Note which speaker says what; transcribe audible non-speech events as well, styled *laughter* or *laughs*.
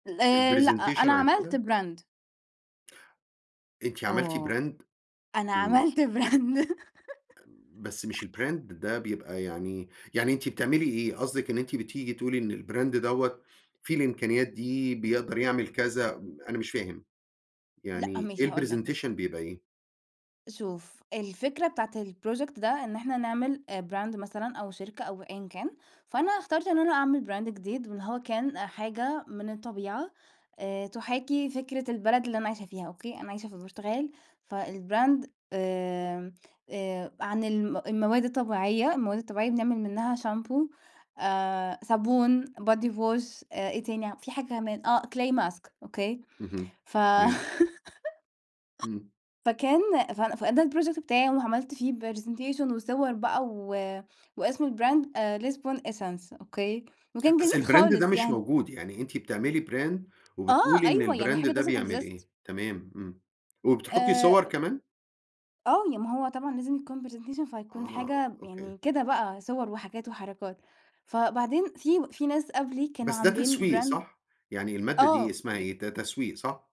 Speaker 1: ال لأ،
Speaker 2: الpresentation
Speaker 1: أنا
Speaker 2: عن
Speaker 1: عملت
Speaker 2: كده؟
Speaker 1: brand.
Speaker 2: أنتِ عملتِ
Speaker 1: آه،
Speaker 2: brand؟!
Speaker 1: أنا
Speaker 2: إمم.
Speaker 1: عملت brand. *laughs*
Speaker 2: بس مش الbrand ده بيبقى يعني يعني أنتِ بتعملي إيه؟ قصدِك إن أنتِ بتيجي تقولي إن الbrand دوّة فيه الإمكانيات دي بيقدر يعمل كذا م أنا مش فاهم،
Speaker 1: لأ،
Speaker 2: يعني
Speaker 1: ماشي
Speaker 2: إيه
Speaker 1: هاقول لك
Speaker 2: الpresentation
Speaker 1: بُصّ
Speaker 2: بيبقى إيه؟
Speaker 1: شوف، الفكرة بتاعة الproject ده إن إحنا نعمل آآ، brand مثلًا أو شركة أو أيًا كان، فأنا اخترت إن أنا أعمل brand جديد، واللي هو كان آآ، حاجة من الطبيعة آآ، تُحاكي فكرة البلد اللي أنا عايشها فيها، أوكي؟ أنا عايشة في البرتغال فالbrand آمم، آآ عن الم المواد الطبيعية، المواد الطبيعية بنعمل منها شامبو، الصابون، body wash آآ، إيه تاني في حاجة كمان آه، clay mask أوكي؟
Speaker 2: اهم،
Speaker 1: ف *laughs*
Speaker 2: تمام. إمم.
Speaker 1: فكان فأنا فده الproject بتاعي وعملت فيه presentation وصور بقى و واسم الbrand Lisbon Essence أوكي، وكان جميل
Speaker 2: أصل الbrand ده
Speaker 1: خالص
Speaker 2: مش
Speaker 1: يعني.
Speaker 2: موجود، يعني أنتِ بتعملي brand
Speaker 1: آه،
Speaker 2: وبتقولي
Speaker 1: أيوه
Speaker 2: إن
Speaker 1: يعني
Speaker 2: الbrand
Speaker 1: حاجة
Speaker 2: ده
Speaker 1: doesn't
Speaker 2: بيعمل
Speaker 1: exist.
Speaker 2: إيه، تمام، إمم. وبتحطّي
Speaker 1: آآ،
Speaker 2: صور
Speaker 1: أ
Speaker 2: كمان؟
Speaker 1: آه يع ما هو طبعًا لازم يكون presentation فتكون
Speaker 2: آه،
Speaker 1: حاجة م
Speaker 2: أوكي.
Speaker 1: يعني كده بقى صور وحاجات وحركات، فبعدين في و في ناس قبلي كانوا
Speaker 2: بس ده
Speaker 1: عاملين
Speaker 2: تسويق
Speaker 1: brand
Speaker 2: صح، يعني المادة دي
Speaker 1: آه،
Speaker 2: اسمها
Speaker 1: ي
Speaker 2: إيه؟ ده تسويق صح؟